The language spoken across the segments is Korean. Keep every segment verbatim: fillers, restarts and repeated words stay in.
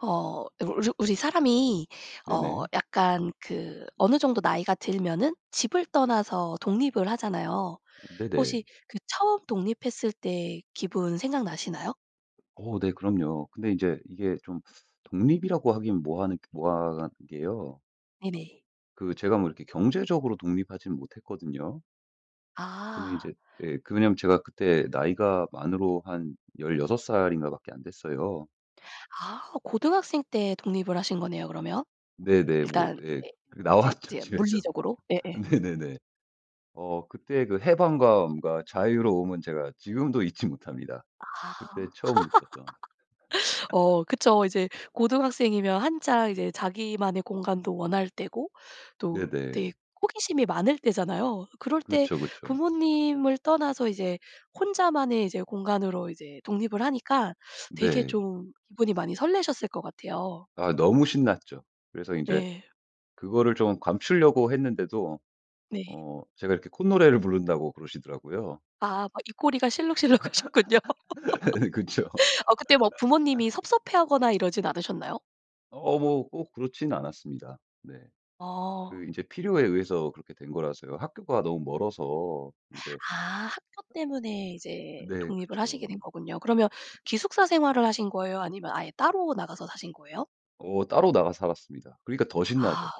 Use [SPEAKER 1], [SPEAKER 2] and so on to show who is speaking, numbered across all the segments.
[SPEAKER 1] 어 울 우르 우리 사람이 어
[SPEAKER 2] 네네.
[SPEAKER 1] 약간 그 어느 정도 나이가 들면은 집을 떠나서 독립을 하잖아요.
[SPEAKER 2] 음 네네.
[SPEAKER 1] 혹시 그 처음 독립했을 때 기분 생각나시나요?
[SPEAKER 2] 어 네. 그럼요. 근데 인제 이게 좀 독립이라고 하긴 뭐 하는 뭐 한 게요.
[SPEAKER 1] 네네.
[SPEAKER 2] 그 제가 뭐 이렇게 경제적으로 독립하진 못했거든요. 근데 이제
[SPEAKER 1] 아.
[SPEAKER 2] 예. 그 왜냐면 제가 그때 나이가 만으로 한 열여섯 살인가 밖에 안 됐어요.
[SPEAKER 1] 아 오. 고등학생 때 독립을 하신 거네요 그러면.
[SPEAKER 2] 네네. 뭐
[SPEAKER 1] 일단
[SPEAKER 2] 예
[SPEAKER 1] 이제
[SPEAKER 2] 그
[SPEAKER 1] 이제
[SPEAKER 2] 나왔죠
[SPEAKER 1] 이제 이제
[SPEAKER 2] 집에서.
[SPEAKER 1] 물리적으로. 예예.
[SPEAKER 2] 네네네. 어 그때 그 해방감과 자유로움은 제가 지금도 잊지 못합니다
[SPEAKER 1] 아.
[SPEAKER 2] 그때 처음 느꼈던.
[SPEAKER 1] 어 그쵸. 이제 고등학생이면 한창 이제 자기만의 공간도 원할 때고 또 되게
[SPEAKER 2] 네네.
[SPEAKER 1] 호기심이 많을 때잖아요. 그럴 때
[SPEAKER 2] 그쵸, 그쵸.
[SPEAKER 1] 부모님을 떠나서 이제 혼자만의 이제 공간으로 이제 독립을 하니까 되게
[SPEAKER 2] 네.
[SPEAKER 1] 좀 기분이 많이 설레셨을 것 같아요.
[SPEAKER 2] 아 너무 신났죠. 그래서 인제
[SPEAKER 1] 예.
[SPEAKER 2] 그거를 좀 감추려고 했는데도
[SPEAKER 1] 네.
[SPEAKER 2] 어 제가 이렇게 콧노래를 부른다고 그러시더라고요.
[SPEAKER 1] 아 막 입꼬리가 실룩실룩하셨군요.
[SPEAKER 2] 예 네. 그쵸.
[SPEAKER 1] 어 그때 막 부모님이 섭섭해하거나 이러진 않으셨나요?
[SPEAKER 2] 어 뭐 꼭 그렇진 않았습니다. 네.
[SPEAKER 1] 어.
[SPEAKER 2] 그 인제 필요에 의해서 그렇게 된 거라서요. 학교가 너무 멀어서 인제
[SPEAKER 1] 아 학교 때문에 이제
[SPEAKER 2] 네.
[SPEAKER 1] 독립을 하시게
[SPEAKER 2] 그쵸.
[SPEAKER 1] 된 거군요. 그러면 기숙사 생활을 하신 거예요. 아니면 아예 따로 나가서 사신 거예요?
[SPEAKER 2] 어 따로 나가 살았습니다. 그러니까 더 신나죠.
[SPEAKER 1] 아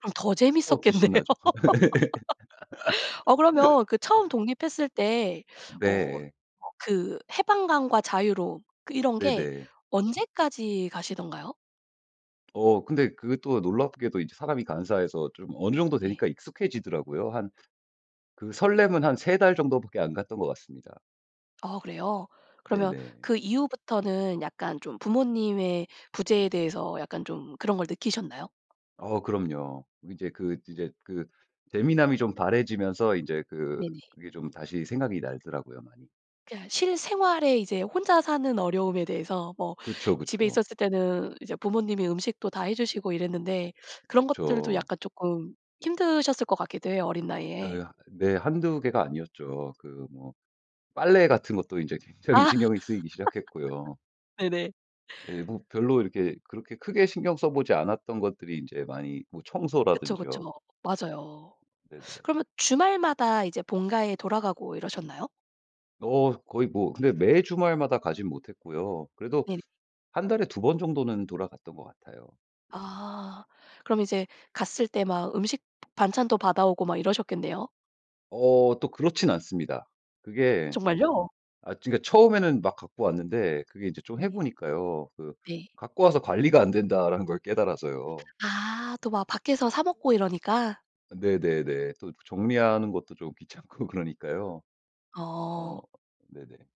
[SPEAKER 1] 그럼 더
[SPEAKER 2] 끝도 없이
[SPEAKER 1] 재밌었겠네요.
[SPEAKER 2] 신나죠.
[SPEAKER 1] 어 그러면 그 처음 독립했을 때 어 어
[SPEAKER 2] 네.
[SPEAKER 1] 그 해방감과 자유로움 그 이런 게
[SPEAKER 2] 네네.
[SPEAKER 1] 언제까지 가시던가요?
[SPEAKER 2] 어 근데 그게 또 놀랍게도 이제 사람이 간사해서 좀 어느 정도
[SPEAKER 1] 예.
[SPEAKER 2] 되니까 익숙해지더라고요. 한 그 설렘은 한 세 달 정도밖에 안 갔던 것 같습니다.
[SPEAKER 1] 어 그래요? 그러면
[SPEAKER 2] 네네.
[SPEAKER 1] 그 이후부터는 약간 좀 부모님의 부재에 대해서 약간 좀 그런 걸 느끼셨나요?
[SPEAKER 2] 어 그럼요. 이제 그 이제 그 재미남이 좀 바래지면서 인제 그
[SPEAKER 1] 네네.
[SPEAKER 2] 그게 좀 다시 생각이 날더라고요. 많이
[SPEAKER 1] 그냥 실생활에 이제 혼자 사는 어려움에 대해서 뭐
[SPEAKER 2] 그쵸,
[SPEAKER 1] 집에
[SPEAKER 2] 그쵸.
[SPEAKER 1] 있었을 때는 이제 부모님이 음식도 다 해 주시고 이랬는데 그런 것들도
[SPEAKER 2] 그쵸.
[SPEAKER 1] 약간 쪼끔 힘드셨을 것 같기도 해요. 어린 나이에.
[SPEAKER 2] 예. 네. 한두 개가 아니었죠. 그 뭐 빨래 같은 것도 인제 굉장히
[SPEAKER 1] 아
[SPEAKER 2] 신경이 쓰이기 시작했고요.
[SPEAKER 1] 네네.
[SPEAKER 2] 예. 뭐 별로 이렇게 그렇게 크게 신경 써 보지 않았던 것들이 인제 많이 뭐
[SPEAKER 1] 그쵸, 그쵸
[SPEAKER 2] 청소라든지요.
[SPEAKER 1] 뭐 맞아요.
[SPEAKER 2] 네네.
[SPEAKER 1] 그러면 주말마다 이제 본가에 돌아가고 이러셨나요?
[SPEAKER 2] 어 거의 뭐 근데 매 주말마다 가진 못했고요. 그래도
[SPEAKER 1] 네네.
[SPEAKER 2] 한 달에 두 번 정도는 돌아갔던 것 같아요.
[SPEAKER 1] 아, 그럼 이제 갔을 때 막 음식 반찬도 받아오고 막 이러셨겠네요?
[SPEAKER 2] 어 또 그렇진 않습니다. 그게
[SPEAKER 1] 정말요?
[SPEAKER 2] 아 그러니까 처음에는 막 갖고 왔는데 그게 이제 좀 해
[SPEAKER 1] 네.
[SPEAKER 2] 보니까요. 그
[SPEAKER 1] 네.
[SPEAKER 2] 갖고 와서 '관리가 안 된다.'라는 걸 깨달아서요.
[SPEAKER 1] 아, 또 막 밖에서 사 먹고 이러니까.
[SPEAKER 2] 네네네. 또 정리하는 것도 좀 귀찮고 그러니까요. 어
[SPEAKER 1] 어.
[SPEAKER 2] 네네.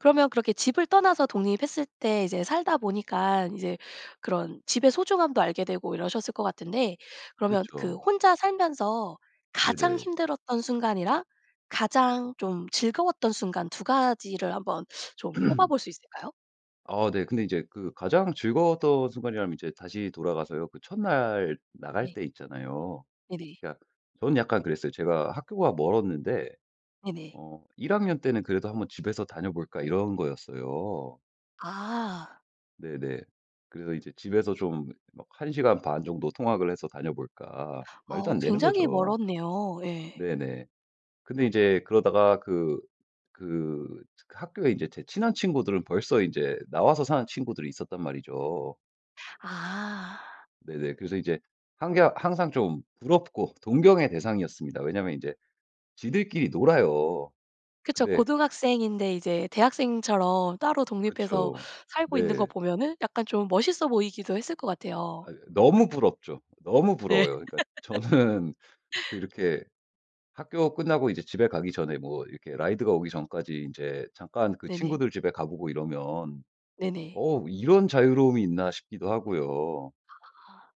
[SPEAKER 1] 그러면 그렇게 집을 떠나서 독립했을 때 이제 살다 보니깐 이제 그런 집의 소중함도 알게 되고 이러셨을 것 같은데 그러면 그
[SPEAKER 2] 그쵸.
[SPEAKER 1] 혼자 살면서 가장
[SPEAKER 2] 네네.
[SPEAKER 1] 힘들었던 순간이랑 가장 좀 즐거웠던 순간 두 가지를 한번 좀 꼽아볼 수 있을까요?
[SPEAKER 2] 어 네. 근데 이제 그 가장 즐거웠던 순간이라면 이제 다시 돌아가서요. 그 첫날 나갈
[SPEAKER 1] 네.
[SPEAKER 2] 때 있잖아요.
[SPEAKER 1] 네네.
[SPEAKER 2] 그러니까 저는 약간 그랬어요. 제가 학교가 멀었는데
[SPEAKER 1] 네네.
[SPEAKER 2] 어 일 학년 때는 그래도 '한번 집에서 다녀 볼까?' 이런 거였어요.
[SPEAKER 1] 아.
[SPEAKER 2] 네네. 그래서 이제 집에서 좀 막 '한 시간 반 정도 통학을 해서 다녀볼까?' 말도
[SPEAKER 1] 어
[SPEAKER 2] 안 되는
[SPEAKER 1] 굉장히
[SPEAKER 2] 거죠.
[SPEAKER 1] 멀었네요. 예.
[SPEAKER 2] 네네. 근데 인제 그러다가 그, 그, 그 학교에 이제 제 친한 친구들은 벌써 인제 나와서 사는 친구들이 있었단 말이죠.
[SPEAKER 1] 아.
[SPEAKER 2] 네네. 그래서 이제 항개 항상 좀 부럽고 동경의 대상이었습니다. 왜냐면 인제 지들끼리 놀아요.
[SPEAKER 1] 그쵸.
[SPEAKER 2] 근데
[SPEAKER 1] 고등학생인데 이제 대학생처럼 따로 독립해서
[SPEAKER 2] 그쵸.
[SPEAKER 1] 살고 있는 거
[SPEAKER 2] 네.
[SPEAKER 1] 보면은 약간 좀 멋있어 보이기도 했을 것 같아요.
[SPEAKER 2] 아유 예. 너무 부럽죠. 너무
[SPEAKER 1] 네.
[SPEAKER 2] 부러워요. 그러니까 저는 그 이렇게 학교 끝나고 이제 집에 가기 전에 뭐 이렇게 라이드가 오기 전까지 인제 잠깐 그
[SPEAKER 1] 네네.
[SPEAKER 2] 친구들 집에 가 보고 이러면
[SPEAKER 1] 네네.
[SPEAKER 2] '어 이런 자유로움이 있나.' 싶기도 하고요.
[SPEAKER 1] 아.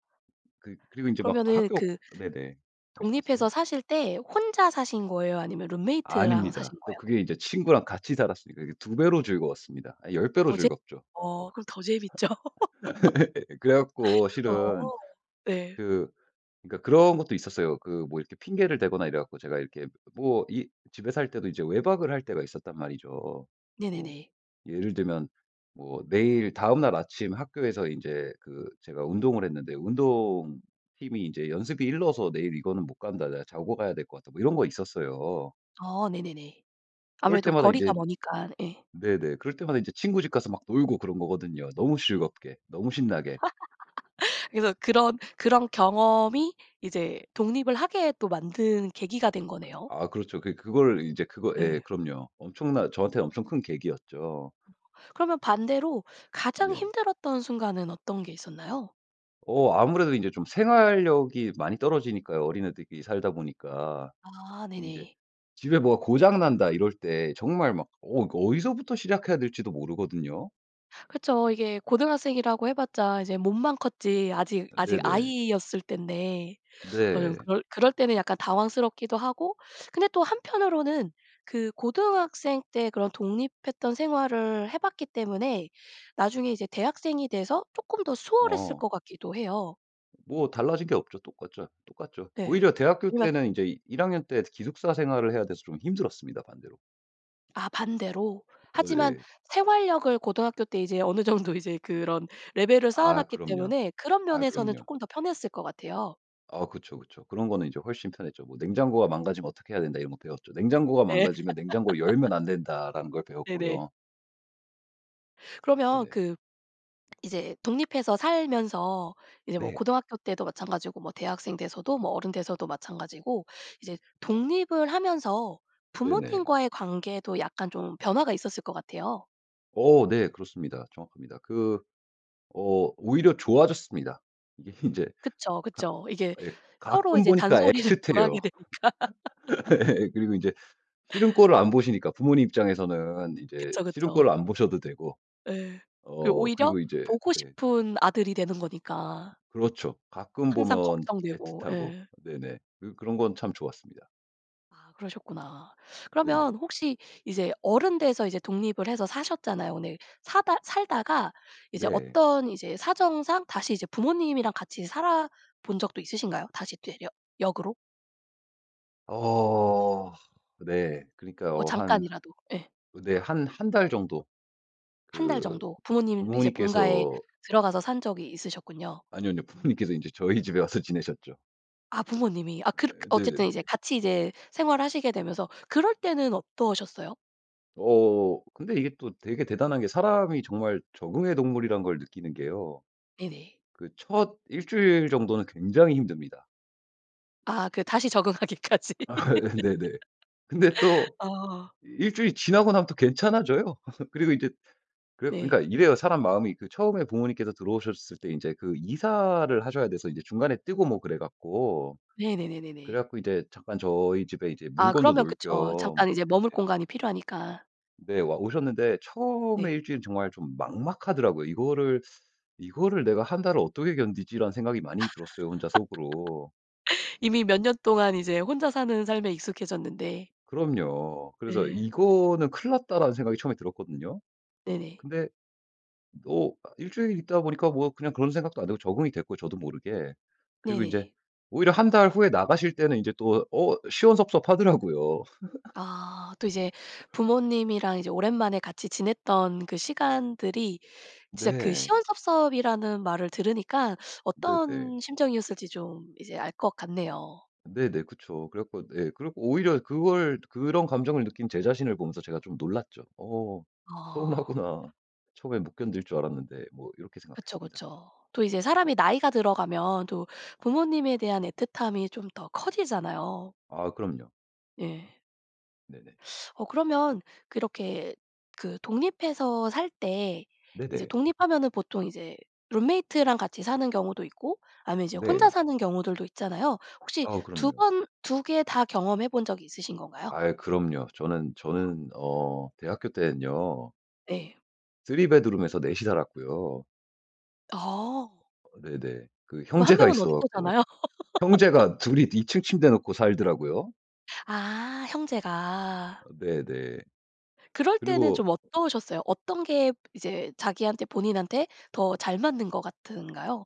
[SPEAKER 2] 그 그리고 인제 막
[SPEAKER 1] 그러면은
[SPEAKER 2] 학교
[SPEAKER 1] 그
[SPEAKER 2] 네네.
[SPEAKER 1] 독립해서
[SPEAKER 2] 말씀하세요.
[SPEAKER 1] 사실 때 혼자 사신 거예요? 아니면 룸메이트랑
[SPEAKER 2] 아닙니다.
[SPEAKER 1] 사신
[SPEAKER 2] 또
[SPEAKER 1] 거예요?
[SPEAKER 2] 그게 인제 친구랑 같이 살았으니까 이게 두 배로 즐거웠습니다. 아 열 배로
[SPEAKER 1] 더 재
[SPEAKER 2] 즐겁죠.
[SPEAKER 1] 어 그럼 더 재밌죠.
[SPEAKER 2] 그래 갖고 실은
[SPEAKER 1] 어 네.
[SPEAKER 2] 그 그러니까 그런 것도 있었어요. 그 뭐 이렇게 핑계를 대거나 이래 갖고 제가 이렇게 뭐 이 집에 살 때도 이제 외박을 할 때가 있었단 말이죠. 뭐
[SPEAKER 1] 네네네.
[SPEAKER 2] 예를 들면 뭐 내일 다음 날 아침 학교에서 인제 그 제가 운동을 했는데 "운동팀이 인제 연습이 일러서 내일 이거는 못 간다. 내가 자고 가야 될 것 같다." 뭐 이런 거 있었어요.
[SPEAKER 1] 어 네네네.
[SPEAKER 2] 그럴
[SPEAKER 1] 아무래도
[SPEAKER 2] 때마다 인제
[SPEAKER 1] 거리가 머니깐. 예.
[SPEAKER 2] 네네. 그럴 때마다 인제 친구 집 가서 막 놀고 그런 거거든요. 너무 즐겁게 너무 신나게.
[SPEAKER 1] 그래서 그런 그런 경험이 이제 독립을 하게 또 만든 계기가 된
[SPEAKER 2] 그
[SPEAKER 1] 거네요.
[SPEAKER 2] 아 그렇죠. 그래 그걸 인제 그거 예.
[SPEAKER 1] 예.
[SPEAKER 2] 그럼요. 엄청난, 저한테는 엄청 큰 계기였죠.
[SPEAKER 1] 그러면 반대로 가장
[SPEAKER 2] 네.
[SPEAKER 1] 힘들었던 순간은 어떤 게 있었나요?
[SPEAKER 2] 어 아무래도 인제 좀 생활력이 많이 떨어지니까요 어린애들끼리 살다 보니까.
[SPEAKER 1] 아
[SPEAKER 2] 이제
[SPEAKER 1] 네네.
[SPEAKER 2] 집에 뭐가 '고장 난다.' 이럴 때 정말 막 어 이거 어디서부터 시작해야 될지도 모르거든요.
[SPEAKER 1] 그쵸. 이게 고등학생이라고 해 봤자 이제 몸만 컸지 아직 아직
[SPEAKER 2] 네네.
[SPEAKER 1] 아이였을 때인데 어 좀
[SPEAKER 2] 네.
[SPEAKER 1] 그럴 그럴 때는 약간 당황스럽기도 하고 근데 또 한편으로는 그 고등학생 때 그런 독립했던 생활을 해 봤기 때문에 나중에 이제 대학생이 돼서 쪼끔 더 수월했을
[SPEAKER 2] 어.
[SPEAKER 1] 것 같기도 해요.
[SPEAKER 2] 뭐 달라진 게 없죠. 똑같죠. 똑같죠.
[SPEAKER 1] 네.
[SPEAKER 2] 오히려 대학교
[SPEAKER 1] 아니면
[SPEAKER 2] 때는 인제 일 학년 때 특히 기숙사 생활을 해야 돼서 좀 힘들었습니다 반대로.
[SPEAKER 1] 아 반대로.
[SPEAKER 2] 어
[SPEAKER 1] 하지만
[SPEAKER 2] 예.
[SPEAKER 1] 생활력을 고등학교 때 이제 어느 정도 이제 그런 레벨을 쌓아
[SPEAKER 2] 아
[SPEAKER 1] 놨기
[SPEAKER 2] 그럼요.
[SPEAKER 1] 때문에 그런
[SPEAKER 2] 아
[SPEAKER 1] 면에서는
[SPEAKER 2] 그럼요.
[SPEAKER 1] 쪼끔 더 편했을 것 같아요.
[SPEAKER 2] 아 그쵸, 그쵸. 그런 거는 이제 훨씬 편했죠. 뭐 '냉장고가 망가지면 어떻게 해야 된다.' 이런 거 배웠죠. '냉장고가
[SPEAKER 1] 네.
[SPEAKER 2] 망가지면 냉장고를 열면 안 된다.'라는 걸
[SPEAKER 1] 네네.
[SPEAKER 2] 배웠고요.
[SPEAKER 1] 그러면
[SPEAKER 2] 네네.
[SPEAKER 1] 그 이제 독립해서 살면서 이제 뭐
[SPEAKER 2] 네.
[SPEAKER 1] 고등학교 때도 마찬가지고 뭐 대학생 돼서도 뭐 어른 돼서도 마찬가지고 이제 독립을 하면서
[SPEAKER 2] 네네.
[SPEAKER 1] 부모님과의 관계도 약간 좀 변화가 있었을 것 같아요.
[SPEAKER 2] 어 네 그렇습니다. 정확합니다. 그 어 오히려 좋아졌습니다. 이게 인제
[SPEAKER 1] 그쵸,
[SPEAKER 2] 가
[SPEAKER 1] 그쵸. 이게
[SPEAKER 2] 예
[SPEAKER 1] 서로
[SPEAKER 2] 가끔
[SPEAKER 1] 이제
[SPEAKER 2] 보니까
[SPEAKER 1] 잔소리를 덜
[SPEAKER 2] 애틋해요.
[SPEAKER 1] 하게 되니까.
[SPEAKER 2] 예. 그리고 인제 싫은 꼴을 안 보시니까. 부모님 입장에서는 이제
[SPEAKER 1] 그쵸,
[SPEAKER 2] 싫은 꼴을
[SPEAKER 1] 그쵸.
[SPEAKER 2] 안 보셔도 되고.
[SPEAKER 1] 예. 그리고
[SPEAKER 2] 어
[SPEAKER 1] 오히려
[SPEAKER 2] 그리고 이제
[SPEAKER 1] 보고
[SPEAKER 2] 네.
[SPEAKER 1] 싶은 아들이 되는 거니까.
[SPEAKER 2] 그렇죠. 가끔
[SPEAKER 1] 항상
[SPEAKER 2] 보면
[SPEAKER 1] 걱정되고
[SPEAKER 2] 애틋하고.
[SPEAKER 1] 예.
[SPEAKER 2] 네네. 그 그런 건 참 좋았습니다.
[SPEAKER 1] 아, 그러셨구나.
[SPEAKER 2] 네네.
[SPEAKER 1] 그러면 혹시 이제 어른 돼서 이제 독립을 해서 사셨잖아요. 근데 사다 살다가 이제
[SPEAKER 2] 네.
[SPEAKER 1] 어떤 이제 사정상 다시 이제 부모님이랑 같이 살아 본 적도 있으신가요? 다시 되려 역으로?
[SPEAKER 2] 어 네. 그러니까
[SPEAKER 1] 뭐
[SPEAKER 2] 어 한
[SPEAKER 1] 잠깐이라도 예.
[SPEAKER 2] 어 네 한 한 달 정도
[SPEAKER 1] 한 달
[SPEAKER 2] 그
[SPEAKER 1] 정도 부모님 이제 본가에
[SPEAKER 2] 부모님께서
[SPEAKER 1] 들어가서 산 적이 있으셨군요.
[SPEAKER 2] 아니요, 아니요. 부모님께서 인제 저희 집에 와서 지내셨죠.
[SPEAKER 1] 아 부모님이. 아
[SPEAKER 2] 어
[SPEAKER 1] 그렇 어쨌든
[SPEAKER 2] 네네네.
[SPEAKER 1] 이제 같이 이제 생활을 하시게 되면서 그럴 때는 어떠셨어요?
[SPEAKER 2] 어 근데 이게 또 되게 대단한 게 사람이 정말 적응의 동물이라는 걸 느끼는 게요.
[SPEAKER 1] 네네.
[SPEAKER 2] 그 첫 일 주일 정도는 굉장히 힘듭니다.
[SPEAKER 1] 아 그 다시 적응하기까지
[SPEAKER 2] 예 네네. 근데 또
[SPEAKER 1] 아.
[SPEAKER 2] 일 주일이 지나고 나면 또 괜찮아져요. 그리고 인제 그래 갖고 그러니까
[SPEAKER 1] 네.
[SPEAKER 2] 이래요. 사람 마음이 그 처음에 부모님께서 들어오셨을 때 인제 그 이사를 하셔야 돼서 이제 중간에 뜨고 뭐 그래 갖고, 그래
[SPEAKER 1] 네네네네네.
[SPEAKER 2] 갖고 이제 잠깐 저희 집에 이제
[SPEAKER 1] 아
[SPEAKER 2] 물건도
[SPEAKER 1] 그러면
[SPEAKER 2] 놓을
[SPEAKER 1] 그쵸.
[SPEAKER 2] 겸
[SPEAKER 1] 잠깐 이제 머물
[SPEAKER 2] 그렇게
[SPEAKER 1] 공간이 필요하니까.
[SPEAKER 2] 네. 오셨는데 처음에
[SPEAKER 1] 네.
[SPEAKER 2] 일 주일 정말 좀 막막하더라고요. '이거를, 이거를 내가 한 달을 어떻게 견디지?'라는 생각이 많이 들었어요 혼자 속으로.
[SPEAKER 1] 이미 몇 년 동안 이제 혼자 사는 삶에 익숙해졌는데.
[SPEAKER 2] 그럼요. 그래서
[SPEAKER 1] 네.
[SPEAKER 2] '이거는 큰일 났다.'라는 생각이 처음에 들었거든요.
[SPEAKER 1] 네네.
[SPEAKER 2] 근데 또 아 일 주일 있다 보니까 뭐 그냥 그런 생각도 안 들고 적응이 됐고 저도 모르게 그리고 인제
[SPEAKER 1] 네네.
[SPEAKER 2] 오히려 한 달 후에 나가실 때는 이제 또 어 시원섭섭하더라고요.
[SPEAKER 1] 아 또 이제 부모님이랑 이제 오랜만에 같이 지냈던 그 시간들이 진짜 그
[SPEAKER 2] 네.
[SPEAKER 1] 시원섭섭이라는 말을 들으니까
[SPEAKER 2] 네네.
[SPEAKER 1] 어떤 심정이었을지 좀 이제 알 것 같네요.
[SPEAKER 2] 네네. 그쵸. 그래 갖고 네. 그래 갖고 오히려 그걸 그런 감정을 느낀 제 자신을 보면서 제가 좀 놀랐죠. '어
[SPEAKER 1] 아.
[SPEAKER 2] 서운하구나. 처음엔 못 견딜 줄 알았는데.' 뭐 이렇게
[SPEAKER 1] 그쵸,
[SPEAKER 2] 생각했습니다.
[SPEAKER 1] 그쵸. 또 이제 사람이 나이가 들어가면 또 부모님에 대한 애틋함이 좀 더 커지잖아요.
[SPEAKER 2] 아 그럼요.
[SPEAKER 1] 예.
[SPEAKER 2] 네네.
[SPEAKER 1] 어 그러면 그렇게 그 독립해서 살 때 이제
[SPEAKER 2] 네네.
[SPEAKER 1] 독립하면은 보통 이제 룸메이트랑 같이 사는 경우도 있고 아니면 이제 혼자
[SPEAKER 2] 네.
[SPEAKER 1] 사는 경우들도 있잖아요. 혹시
[SPEAKER 2] 아우
[SPEAKER 1] 두
[SPEAKER 2] 그럼요.
[SPEAKER 1] 번 두 개 다 경험해 본 적 있으신 건가요?
[SPEAKER 2] 아이 그럼요. 저는
[SPEAKER 1] 아.
[SPEAKER 2] 저는 어 대학교 때는요
[SPEAKER 1] 네.
[SPEAKER 2] 쓰리 베드룸에서 넷이 살았고요.
[SPEAKER 1] 어.
[SPEAKER 2] 어 네네. 그
[SPEAKER 1] 그 한
[SPEAKER 2] 형제가
[SPEAKER 1] 명은
[SPEAKER 2] 있어
[SPEAKER 1] 어디서
[SPEAKER 2] 갖고
[SPEAKER 1] 자나요?
[SPEAKER 2] 형제가 둘이 이 층 침대 놓고 살더라고요.
[SPEAKER 1] 아 형제가.
[SPEAKER 2] 어 네네.
[SPEAKER 1] 그럴 때는
[SPEAKER 2] 그리고
[SPEAKER 1] 좀 어떠셨어요? 어떤 게 이제 자기한테 본인한테 더 잘 맞는 것 같은가요?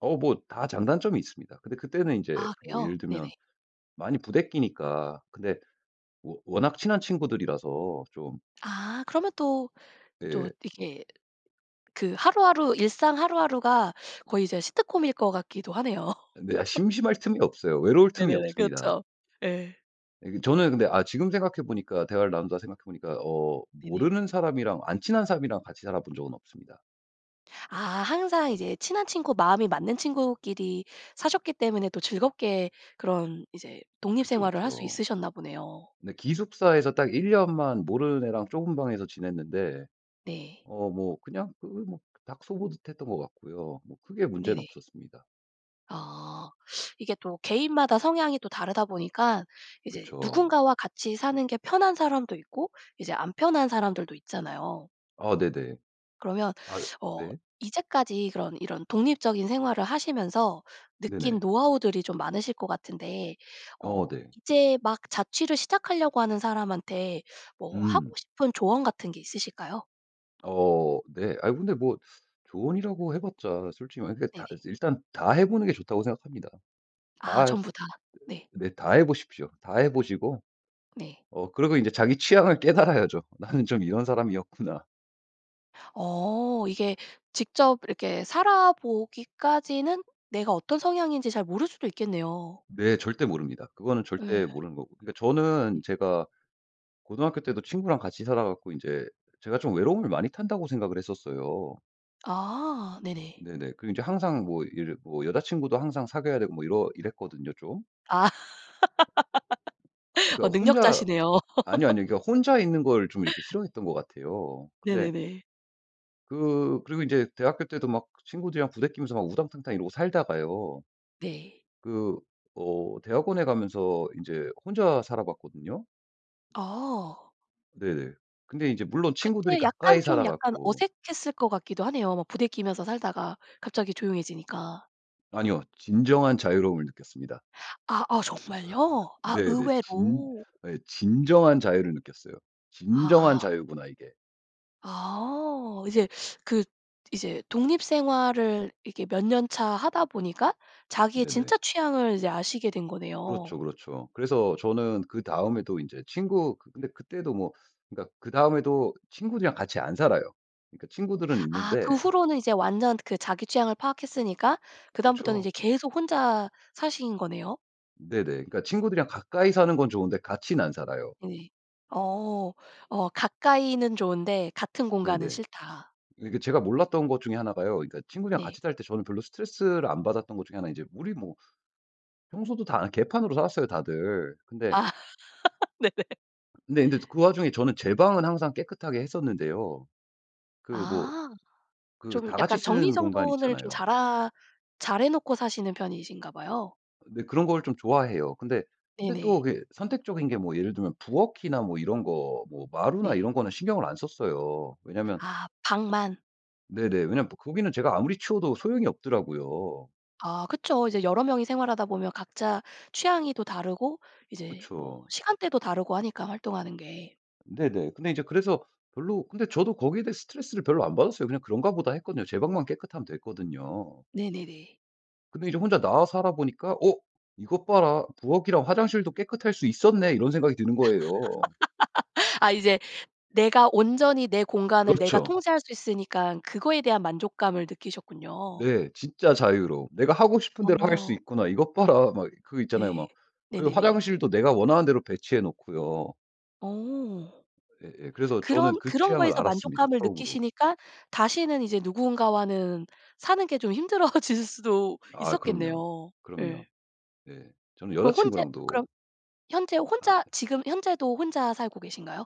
[SPEAKER 2] 어 뭐 다 장단점이 있습니다. 근데 그때는 인제
[SPEAKER 1] 아
[SPEAKER 2] 뭐
[SPEAKER 1] 그래요?
[SPEAKER 2] 예를
[SPEAKER 1] 네네.
[SPEAKER 2] 들면 많이 부대끼니까 근데 워 워낙 친한 친구들이라서 좀
[SPEAKER 1] 아 그러면 또 또
[SPEAKER 2] 네.
[SPEAKER 1] 이게 그 하루하루 일상 하루하루가 거의 이제 시트콤일 것 같기도 하네요.
[SPEAKER 2] 네. 심심할 틈이 없어요. 외로울 틈이
[SPEAKER 1] 네네네.
[SPEAKER 2] 없습니다.
[SPEAKER 1] 그렇죠. 예.
[SPEAKER 2] 네 그 저는 근데 아 지금 생각해 보니까 대화를 나누다 생각해 보니까 어
[SPEAKER 1] 네네.
[SPEAKER 2] 모르는 사람이랑 안 친한 사람이랑 같이 살아 본 적은 없습니다.
[SPEAKER 1] 아 항상 이제 친한 친구, 마음이 맞는 친구끼리 사셨기 때문에 또 즐겁게 그런 이제 독립
[SPEAKER 2] 그쵸,
[SPEAKER 1] 생활을 할 수
[SPEAKER 2] 그쵸.
[SPEAKER 1] 있으셨나 보네요.
[SPEAKER 2] 네. 기숙사에서 딱 일 년만 모르는 애랑 좁은 방에서 지냈는데
[SPEAKER 1] 네.
[SPEAKER 2] 어 뭐 그냥 그 뭐 닭 소 보듯 했던 것 같고요. 뭐 크게 문제는
[SPEAKER 1] 네네.
[SPEAKER 2] 없었습니다.
[SPEAKER 1] 아 이게 또 개인마다 성향이 또 다르다 보니까 이제
[SPEAKER 2] 그쵸.
[SPEAKER 1] 누군가와 같이 사는 게 편한 사람도 있고 이제 안 편한 사람들도 있잖아요.
[SPEAKER 2] 아 네네.
[SPEAKER 1] 그러면
[SPEAKER 2] 아
[SPEAKER 1] 어
[SPEAKER 2] 네.
[SPEAKER 1] 이제까지 그런 이런 독립적인 생활을 하시면서 느낀
[SPEAKER 2] 네네.
[SPEAKER 1] 노하우들이 좀 많으실 것 같은데
[SPEAKER 2] 어
[SPEAKER 1] 어
[SPEAKER 2] 네.
[SPEAKER 1] 이제 막 자취를 시작하려고 하는 사람한테 뭐 하고
[SPEAKER 2] 음.
[SPEAKER 1] 싶은 조언 같은 게 있으실까요?
[SPEAKER 2] 어 네. 아 근데 뭐 조언이라고 해 봤자 솔직히 말해 그러니까 다
[SPEAKER 1] 네네.
[SPEAKER 2] 일단 다 해 보는 게 좋다고 생각합니다.
[SPEAKER 1] 아
[SPEAKER 2] 다
[SPEAKER 1] 전부 다. 네.
[SPEAKER 2] 네. 다 해 보십시오. 다 해 보시고
[SPEAKER 1] 네.
[SPEAKER 2] 어 그리고 인제 자기 취향을 깨달아야죠.' 나는 좀 이런 사람이었구나.'
[SPEAKER 1] 어 이게 직접 이렇게 살아 보기까지는 내가 어떤 성향인지 잘 모를 수도 있겠네요.
[SPEAKER 2] 네. 절대 모릅니다. 그거는 절대
[SPEAKER 1] 예.
[SPEAKER 2] 모르는 거고 그러니까 저는
[SPEAKER 1] 네.
[SPEAKER 2] 제가 고등학교 때도 친구랑 같이 살아 갖고 인제 제가 좀 외로움을 많이 탄다고 생각을 했었어요.
[SPEAKER 1] 아 네네.
[SPEAKER 2] 네네. 그리고 이제 항상 뭐 이제 뭐 여자친구도 항상 사귀어야 되고 뭐 이러 이랬거든요, 좀.
[SPEAKER 1] 아. 어
[SPEAKER 2] 그러니까 혼자
[SPEAKER 1] 능력자시네요.
[SPEAKER 2] 아니요, 아니요. 그러니까 혼자 있는 걸 좀 이렇게 싫어했던 것 같아요. 근데
[SPEAKER 1] 네네네.
[SPEAKER 2] 그 그리고 인제 대학교 때도 막 친구들이랑 부대끼면서 막 우당탕탕 이러고 살다가요.
[SPEAKER 1] 네.
[SPEAKER 2] 그 어 대학원에 가면서 인제 혼자 살아 봤거든요.
[SPEAKER 1] 아.
[SPEAKER 2] 네네. 근데 이제 물론 친구들이
[SPEAKER 1] 그때 약간
[SPEAKER 2] 가까이 살아
[SPEAKER 1] 좀 약간
[SPEAKER 2] 갖고
[SPEAKER 1] 어색했을 것 같기도 하네요, 막 부대끼면서 살다가 갑자기 조용해지니까.
[SPEAKER 2] 아니요. 진정한 자유로움을 느꼈습니다.
[SPEAKER 1] 아아. 정말요? 아
[SPEAKER 2] 네네. 진
[SPEAKER 1] 의외로.
[SPEAKER 2] 예. 진정한 자유를 느꼈어요. 진정한
[SPEAKER 1] 아.
[SPEAKER 2] 자유구나 이게.
[SPEAKER 1] 아어. 이제 그 이제 독립 생활을 이렇게 몇 년차 하다 보니까 자기의
[SPEAKER 2] 네네.
[SPEAKER 1] 진짜 취향을 이제 아시게 된 거네요.
[SPEAKER 2] 그렇쵸, 그렇쵸. 그래서 저는 그 다음에도 인제 친구 근데 그 그때도 뭐 그러니까 그 다음에도 친구들이랑 같이 안 살아요. 그러니까 친구들은
[SPEAKER 1] 아 그
[SPEAKER 2] 있는데
[SPEAKER 1] 후로는 이제 완전 그 자기 취향을 파악했으니까 그다음부터는
[SPEAKER 2] 그쵸.
[SPEAKER 1] 이제 계속 혼자 사신 거네요?
[SPEAKER 2] 네네. 그러니까 친구들이랑 가까이 사는 건 좋은데 같인 안 살아요.
[SPEAKER 1] 네. 어. 어 "가까이는 좋은데 같은 공간은
[SPEAKER 2] 네네.
[SPEAKER 1] 싫다."
[SPEAKER 2] 이게 제가 몰랐던 것 중에 하나 가요. 그러니까 친구들이랑
[SPEAKER 1] 네.
[SPEAKER 2] 같이 살 때 저는 별로 스트레스를 안 받았던 것 중에 하나 인제 우리 뭐 청소도 다 안 개판으로 살았어요. 다들. 근데
[SPEAKER 1] 아 네네.
[SPEAKER 2] 근데 인제 즈 그 와중에 저는 제 방은 항상 깨끗하게 했었는데요. 그 뭐
[SPEAKER 1] 아.
[SPEAKER 2] 그
[SPEAKER 1] 좀
[SPEAKER 2] 다 같이
[SPEAKER 1] 약간
[SPEAKER 2] 쓰는 공간
[SPEAKER 1] 정리정돈을 좀
[SPEAKER 2] 있잖아요.
[SPEAKER 1] 잘 하 잘 해 놓고 사시는 편이신가 봐요.
[SPEAKER 2] 네. 그런 걸 좀 좋아해요. 근데, 근데 또
[SPEAKER 1] 네네.
[SPEAKER 2] 그게 선택적인 게 뭐 예를 들면 부엌이나 뭐 이런 거 뭐 마루나
[SPEAKER 1] 네.
[SPEAKER 2] 이런 거는 신경을 안 썼어요. 왜냐면
[SPEAKER 1] 아 방만.
[SPEAKER 2] 네네. 왜냐면 또 거기는 제가 아무리 치워도 소용이 없더라고요.
[SPEAKER 1] 아 그쵸. 이제 여러 명이 생활하다 보면 각자 취향이 또 다르고 이제 뭐
[SPEAKER 2] 그쵸.
[SPEAKER 1] 시간대도 다르고 하니까 활동하는 게.
[SPEAKER 2] 네네. 근데 제 그래서 별로 근데 저도 거기에 대해 스트레스를 별로 안 받았어요. 그냥 '그런가 보다.' 했거든요. 제 방만 깨끗하면 됐거든요.
[SPEAKER 1] 네네네.
[SPEAKER 2] 근데 이제 혼자 나와 살아 보니까 '어 이것 봐라. 부엌이랑 화장실도 깨끗할 수 있었네.' 이런 생각이 드는 거예요.
[SPEAKER 1] 아 이제 내가 온전히 내 공간을 내가
[SPEAKER 2] 그렇죠.
[SPEAKER 1] 통제할 수 있으니깐 그거에 대한 만족감을 느끼셨군요.
[SPEAKER 2] 네. 진짜 자유로움. '내가 하고 싶은 대로 할 수
[SPEAKER 1] 어.
[SPEAKER 2] 있구나. 이것 봐라.' 막 이 그 있잖아요.
[SPEAKER 1] 네.
[SPEAKER 2] 막 그리고
[SPEAKER 1] 네네네.
[SPEAKER 2] 화장실도 내가 원하는 대로 배치해 놓고요.
[SPEAKER 1] 어.
[SPEAKER 2] 예예. 그래서 저는
[SPEAKER 1] 그런
[SPEAKER 2] 그
[SPEAKER 1] 그런
[SPEAKER 2] 취향을
[SPEAKER 1] 거에서
[SPEAKER 2] 알았습니다.
[SPEAKER 1] 만족감을
[SPEAKER 2] 처음으로.
[SPEAKER 1] 느끼시니까 다시는 이제 누군가와는 사는 게 좀 힘들어지실 수도
[SPEAKER 2] 아 그럼요.
[SPEAKER 1] 있었겠네요. 예.
[SPEAKER 2] 그럼요. 예. 저는
[SPEAKER 1] 그럼 혼자
[SPEAKER 2] 여자친구랑도
[SPEAKER 1] 그럼 현재
[SPEAKER 2] 아
[SPEAKER 1] 혼자
[SPEAKER 2] 네.
[SPEAKER 1] 지금 현재도 혼자 살고 계신가요?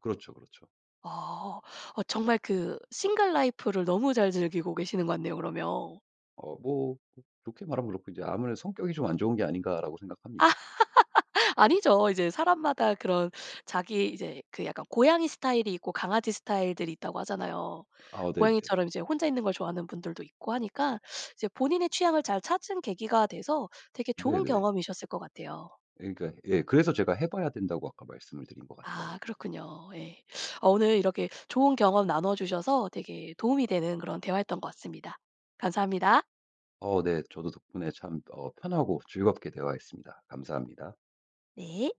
[SPEAKER 2] 그렇죠, 그렇죠.
[SPEAKER 1] 어. 어 정말 그 싱글 라이프를 너무 잘 즐기고 계시는 것 같네요. 그러면
[SPEAKER 2] 어 뭐 좋게 말하면 그렇고 이제 아무래도 '성격이 좀 안 좋은 게 아닌가.'라고 생각합니다.
[SPEAKER 1] 아니죠. 이제 사람마다 그런 자기 이제 그 약간 고양이 스타일이 있고 강아지 스타일들이 있다고 하잖아요.
[SPEAKER 2] 아우 네네.
[SPEAKER 1] 고양이처럼 이제 혼자 있는 걸 좋아하는 분들도 있고 하니까 이제 본인의 취향을 잘 찾은 계기가 돼서 되게 좋은
[SPEAKER 2] 네네.
[SPEAKER 1] 경험이셨을 것 같아요.
[SPEAKER 2] 예. 그러니까 예. 그래서 제가 해 봐야 된다고 아까 말씀을 드린 것
[SPEAKER 1] 아
[SPEAKER 2] 같아요.
[SPEAKER 1] 그렇군요. 예. 어 오늘 이렇게 좋은 경험 나눠 주셔서 되게 도움이 되는 그런 대화였던 것 같습니다. 감사합니다.
[SPEAKER 2] 어 네. 저도 덕분에 참 어 편하고 즐겁게 대화했습니다. 감사합니다.
[SPEAKER 1] 네.